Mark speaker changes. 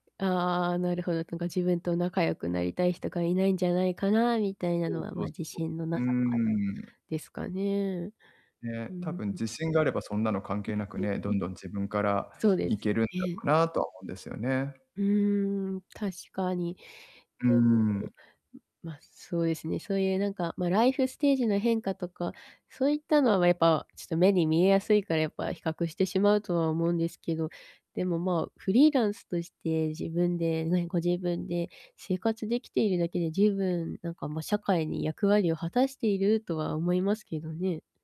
Speaker 1: ああ、なるほど、なんか自分と仲良くなりたい人が居ないんじゃないかな、みたいな
Speaker 2: そう
Speaker 1: のは、
Speaker 2: そう
Speaker 1: まあ、自
Speaker 2: そ
Speaker 1: 信のな
Speaker 2: う。うー
Speaker 1: さから、
Speaker 2: ん。
Speaker 1: ですかね。う
Speaker 2: ね、多
Speaker 1: ん
Speaker 2: 分
Speaker 1: ん。
Speaker 2: 自信があればそんなの関係なく
Speaker 1: [unintelligible]
Speaker 2: ね、どんどん自分から
Speaker 1: そうで
Speaker 2: い
Speaker 1: す
Speaker 2: けるんだろ
Speaker 1: ね。
Speaker 2: うな、とは思うんですよね。
Speaker 1: うーん、確かに。
Speaker 2: うー
Speaker 1: でも、ん、
Speaker 2: ん。
Speaker 1: ま、そうですね、そういうなんか、ま、ライフステージの変化とか、そういったのは、ま、やっぱ、ちっと目に見えやすいから、やっぱ比較してしまうとは思うんですけど、でも、まあ、フリーランスとして、自分でねご自分で生活出来ているだけで十分なんか、ま、社会に役割を果たしているとは思いますけどね。